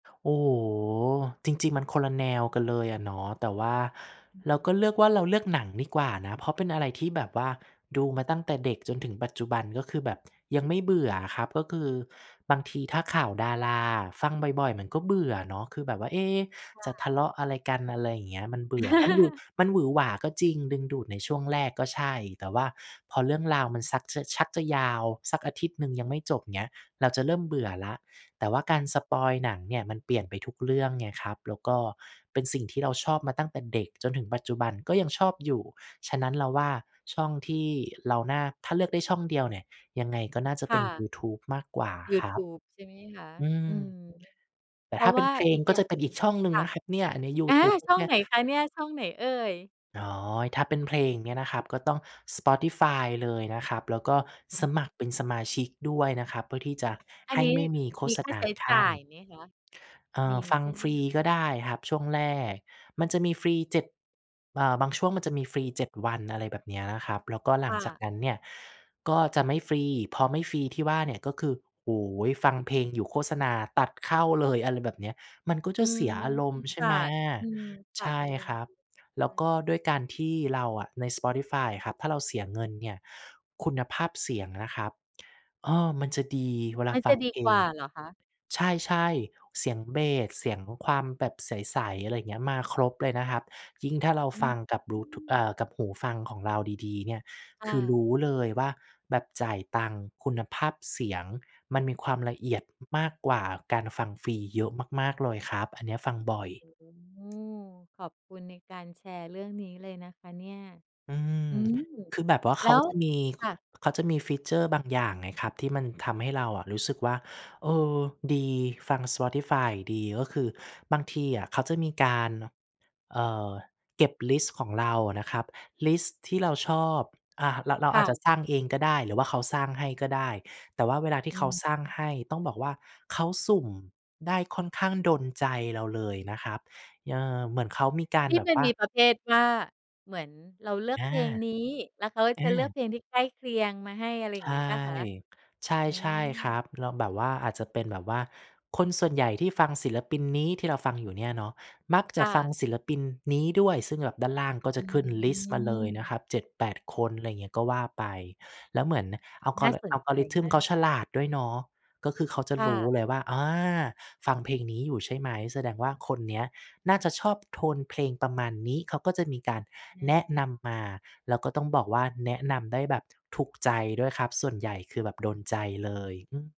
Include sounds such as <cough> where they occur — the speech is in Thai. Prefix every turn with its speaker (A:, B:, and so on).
A: โอ้โฮ จริง ๆ มันคนละแนวกันเลยอะเนาะ แต่ว่า
B: อื
A: เราก
B: ม
A: ็เลือกว่า เราเลือกหนังดีกว่านะ เพราะเป็นอะไรที่แบบว่าดูมาตั้งแต่เด็กจนถึงปัจจุบัน ก็คือแบบ ยังไม่เบื่ออะครับ ก็คือบางทีถ้าข่าวดาราอะ ฟังบ่อย ๆ มันก็เบื่อเนาะ คือแบบว่า เอ๊ะ
B: ค่
A: จะ
B: ะ
A: ทะเลาะอะไรกัน อะไรอย่างเงี้ย มันเบื่อ มันหวึ
B: <chuckles>
A: มันหวือหวาก็จริง ดึงดูดในช่วงแรก ก็ใช่ แต่ว่าพอเรื่องราวมันซักจะ ชักจะยาว สักอาทิตย์หนึ่งยังไม่จบ อย่างเงี้ย เราจะเริ่มเบื่อแล้ว แต่ว่าการสปอยล์หนังเนี่ย มันเปลี่ยนไปทุกเรื่องไงครับ แล้วก็เป็นสิ่งที่เราชอบมาตั้งแต่เด็กจนถึงปัจจุบัน ก็ยังชอบอยู่ ฉะนั้นเราว่าช่องที่เราน่า ถ้าเลือกได้ช่องเดียวเนี่ย ยังไงก็น่าจะ
B: ค
A: เป
B: ่
A: ็นย
B: ะ
A: ูทูบมากกว่า
B: ยู
A: คร
B: ท
A: ั
B: ู
A: บ
B: บใช่ไหมคะ
A: อื
B: อื
A: ม
B: อ
A: แต
B: เ
A: ่
B: พร
A: ถ
B: า
A: ้
B: ะ
A: าเ
B: ว
A: ป็
B: ่
A: น
B: า
A: เพล
B: อี
A: ง
B: ก
A: ก
B: อ
A: ็
B: ย่า
A: จะ
B: ง
A: เป็น
B: หน
A: อ
B: ึ
A: ี
B: ่
A: ก
B: ง
A: ช่องหนึ่
B: ค
A: ง
B: ่
A: น
B: ะ
A: ะครับเนี่ย ในยู
B: อา
A: ทูบ
B: ช่อ
A: เ
B: ง
A: นี่
B: ไ
A: ย
B: หนคะเนี่ย ช่องไหนเอ่ย?
A: อ๋อ ถ้าเป็นเพลงเนี่ยนะครับ ก็ต้อง Spotify เลยนะครับ แล้วก็สมัครเป็นสมาชิกด้วยนะครับ เพื่อที่จะ
B: อั
A: ให
B: น
A: ้
B: นี้
A: ไม่มีโฆ
B: มี
A: ษ
B: ค่า
A: ณา
B: ใช้
A: ค
B: จ
A: ั
B: ่
A: ่
B: าย
A: น
B: ไหมคะ
A: เอ่
B: ม
A: อ
B: ี
A: ฟั
B: ใ
A: ง
B: ช่ไหม
A: ฟรี
B: คะ?
A: ก็ได้ครับช่วงแรก มันจะมีฟรีเจ็ด เอ่อ บางช่วงมันจะมีฟรี 7 วัน อะไรแบบเนี้ยนะครับ แล้วก็หล
B: ค
A: ั
B: ่
A: งจาก
B: ะ
A: นั้นเนี่ยก็จะไม่ฟรี พอไม่ฟรีที่ว่าเนี่ย ก็คือ โอ้โฮ ฟังเพลงอยู่โฆษณาตัดเข้าเลย อะไรแบบเนี้ย มันก็
B: อ
A: จ
B: ื
A: ะเส
B: ม
A: ียอารมณ์ใช
B: ข
A: ่
B: า
A: ไหม
B: ด อืม ข
A: ใ
B: า
A: ช
B: ด
A: ่
B: อาร
A: ค
B: มณ
A: ร
B: ์
A: ั
B: ใช
A: บ แล้
B: ่
A: วก็
B: ค่ะ
A: ด้วยการที่เราอะ ใน Spotify อะครับ ถ้าเราเสียเงินเนี่ย คุณภาพเสียงนะครับ เออ มันจะดี เวล
B: ม
A: า
B: ัน
A: ฟ
B: จ
A: ั
B: ะ
A: ง
B: ดี
A: เพล
B: กว่
A: ง
B: าเหรอคะ?
A: ใช่ ๆ เสียงเบส เสียงความแบบใส ๆ อะไรอย่างเงี้ย มาครบเลยนะครับ ยิ่งถ้าเรา
B: อื
A: ฟ
B: ม
A: ังกับบลู ท อ่า กับหูฟังของเราดี ๆ เนี่ย
B: ค
A: ค
B: ่
A: ือร
B: ะ
A: ู้เลยว่าแบบจ่ายตังค์คุณภาพเสียงมันมีความละเอียด มากกว่าการฟังฟรีเยอะมาก ๆ เลยครับ อันเนี้ยฟังบ่อย
B: โอ้โฮ ขอบคุณในการแชร์เรื่องนี้เลยนะคะเนี่ย
A: อืม
B: อืม
A: คือแบบว่าเ
B: แ
A: ข
B: ล้
A: า
B: ว
A: จะมี
B: ค่ะ
A: เขาจะมี ฟีเชอร์ บางอย่างไงครับ ที่มันทำให้เราอะรู้สึกว่า เออ ดี ฟัง Spotify อะดี ก็คือบางทีอะเขาจะมีการ เอ่อ เก็บลิสต์ของเราอะนะครับ ลิสต์ที่เราชอบ อา เรา เรา
B: ค่
A: อาจ
B: ะ
A: จะสร้างเองก็ได้ หรือว่าเขาสร้างให้ก็ได้ แต่ว่าเวลาที่
B: อื
A: เขาสร้า
B: ม
A: งให้ ต้องบอกว่าเขาสุ่มได้ค่อนข้างโดนใจเราเลยนะครับ เอ่อ เหมือนเขามีกา
B: ท
A: ร
B: ี่
A: แบ
B: ม
A: บ
B: ัน
A: ว่า
B: มีประเภทว่า เหมือนเราเลือก
A: อ
B: เ
A: า
B: พลงนี้ แล้วเขา
A: อ
B: จะเลือก
A: า
B: เพลงที่ใกล้เคียงมาให้ อะไรอย
A: ใ
B: ่
A: ช
B: าง
A: ่
B: งี้เปล่าคะ?
A: ใช่
B: อ
A: ใช่คร
B: า
A: ับ เราแบบว่า อาจจะเป็นแบบว่า คนส่วนใหญ่ที่ฟังศิลปินนี้ ที่เราฟังอยู่เนี่ยเนาะ มัก
B: ค
A: จะ
B: ่
A: ฟัง
B: ะ
A: ศิลปินนี้ด้วย ซึ่งแบบด้านล่างก็
B: อ
A: จ
B: ื
A: ะขึ้นลิสต์มาเลยน
B: ม
A: ะครับ 7-8 คน ไรอย่างเงี้ย ก็ว่าไป แล้วเหมือน
B: อุ๊ย น่า
A: Algora
B: สนใจม
A: Algorithm
B: า
A: เขา
B: ก
A: ฉลาดด้วยเนาะ ก็คือเขาจะ
B: ค่
A: รู้
B: ะ
A: เลยว่า อา ฟังเพลงนี้อยู่ใช่ไหม แสดงว่าคนเนี้ยน่าจะชอบโทนเพลงประมาณนี้ เขาก็จะมีการ
B: อะฮ
A: แ
B: ะ
A: นะนำมา แล้วก็ต้องบอกว่าแนะนำได้แบบถูกใจด้วยครับ ส่วนใหญ่คือแบบโดนใจเลย อือ